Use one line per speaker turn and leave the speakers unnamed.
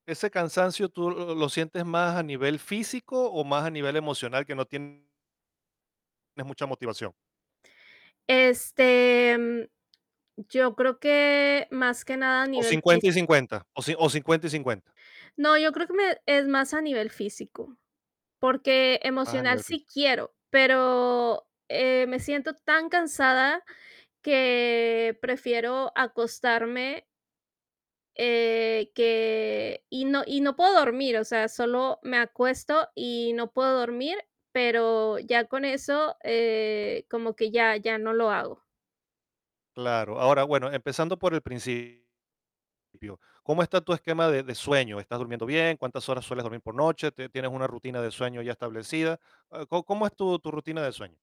Ese cansancio tú lo lo sientes más a nivel físico, o más a nivel emocional, que no tien es mucha motivación.
Este, mm, yo creo que, más que nada a
O
nivel
cincuenta y
físico.
cincuenta, o ci o 50 y 50.
No, yo creo que me es más a nivel físico, porque
Más a
emocional
nivel físico.
sí quiero, pero, eh, me siento tan cansada que prefiero acostarme eh, que y no y no puedo dormir. O sea, solo me acuesto y no puedo dormir, pero ya con eso, eh, como que ya ya no lo hago.
Claro, ahora, bueno, empezando por el principio, ¿cómo está tu esquema de de sueño? ¿Estás durmiendo bien? ¿Cuántas horas sueles dormir por noche? ¿Te tienes una rutina de sueño ya establecida?, ah, ¿có cómo es tu tu rutina de sueño?